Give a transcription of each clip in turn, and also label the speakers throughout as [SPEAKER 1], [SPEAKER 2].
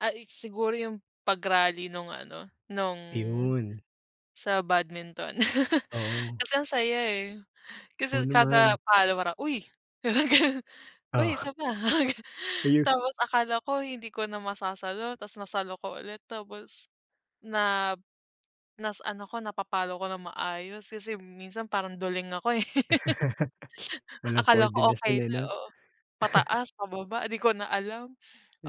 [SPEAKER 1] Ay, eh, siguro yung pag rally nung ano nung
[SPEAKER 2] Iyon.
[SPEAKER 1] sa badminton.
[SPEAKER 2] Oo.
[SPEAKER 1] Kasi ang saya, eh,
[SPEAKER 2] Oo
[SPEAKER 1] kasi kada
[SPEAKER 2] naman.
[SPEAKER 1] palo parang, "uy!" parang ganun, "uy, isa
[SPEAKER 2] Oh.
[SPEAKER 1] pa," ganun
[SPEAKER 2] Ayun.
[SPEAKER 1] tapos akala ko hindi ko na masasalo, tapos nasalo ko ulit tapos nap nasa ano ko napapalo ko ng maayos kasi minsan parang duling ako, eh.
[SPEAKER 2] Walang
[SPEAKER 1] Akala ko
[SPEAKER 2] koordinasyon,
[SPEAKER 1] okey
[SPEAKER 2] eh,
[SPEAKER 1] na,
[SPEAKER 2] no?
[SPEAKER 1] oo. Pataas, pababa di ko na alam,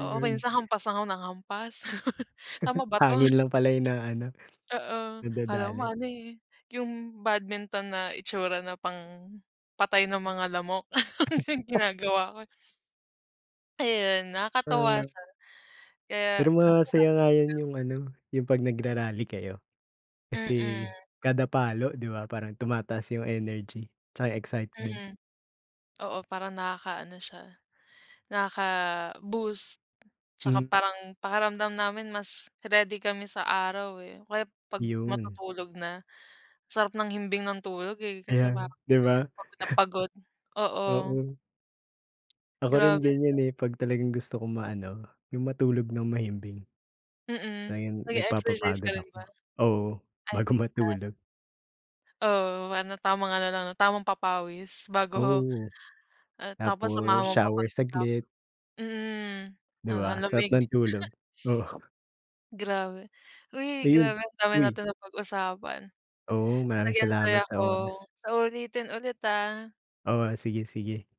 [SPEAKER 1] oo. Minsan hampas lang ako nang hampas. Tama ba to?
[SPEAKER 2] Hangin lang pala yung naano
[SPEAKER 1] Oo kala mo
[SPEAKER 2] nadadali.
[SPEAKER 1] ano, eh, yung badminton na itsura na pang patay ng mga lamok yung ginagawa ko, eh. Ayun nakakatuwa
[SPEAKER 2] Hmm.
[SPEAKER 1] siya. Kaya
[SPEAKER 2] Pero
[SPEAKER 1] kaso lang
[SPEAKER 2] masaya nga
[SPEAKER 1] busy na.
[SPEAKER 2] yun yung ano yung pag nagra-rally kayo. Kasi
[SPEAKER 1] Mm.
[SPEAKER 2] kada palo di ba parang tumataas yung energy tsaka yung excitement.
[SPEAKER 1] Mm. Oo parang nakakaano siya, nakaka-boost tsaka
[SPEAKER 2] Hmm.
[SPEAKER 1] parang pakiramdam namin mas ready kami sa araw, eh. O kaya 'pag
[SPEAKER 2] Yun.
[SPEAKER 1] matutulog na. Sarap ng himbing ng tulog, eh, kaso
[SPEAKER 2] Ayan
[SPEAKER 1] parang
[SPEAKER 2] di ba?
[SPEAKER 1] pagod na pagod. oo.
[SPEAKER 2] Oo. Ako
[SPEAKER 1] Grabe
[SPEAKER 2] rin
[SPEAKER 1] 'no.
[SPEAKER 2] ganyan, eh, pag talagang gusto kong maano yung matulog ng mahimbing.
[SPEAKER 1] Mm.
[SPEAKER 2] Ayun,
[SPEAKER 1] Nag-eexercise
[SPEAKER 2] nagpapapagod
[SPEAKER 1] ka rin
[SPEAKER 2] ako.
[SPEAKER 1] ba?
[SPEAKER 2] Oo
[SPEAKER 1] Ay,
[SPEAKER 2] bago
[SPEAKER 1] pareho tayo.
[SPEAKER 2] matulog.
[SPEAKER 1] Oo parang tamang ano lang tamang papawis bago,
[SPEAKER 2] Oo,
[SPEAKER 1] ah, tapos
[SPEAKER 2] tapos
[SPEAKER 1] samahan mo pa
[SPEAKER 2] shower
[SPEAKER 1] pagkatap
[SPEAKER 2] saglit.
[SPEAKER 1] mm, hmm.
[SPEAKER 2] Di
[SPEAKER 1] Ang
[SPEAKER 2] ba? Sarap
[SPEAKER 1] lamig.
[SPEAKER 2] ng tulog oo.
[SPEAKER 1] Grabe. Uy
[SPEAKER 2] Ayun,
[SPEAKER 1] grabe ang dami
[SPEAKER 2] uy!
[SPEAKER 1] natin ng pag-usapan,
[SPEAKER 2] Oo
[SPEAKER 1] nag
[SPEAKER 2] maraming
[SPEAKER 1] enjoy
[SPEAKER 2] salamat sa
[SPEAKER 1] ako
[SPEAKER 2] oras.
[SPEAKER 1] sa ulitin ulit, ah.
[SPEAKER 2] Oh, ah, sige-sige.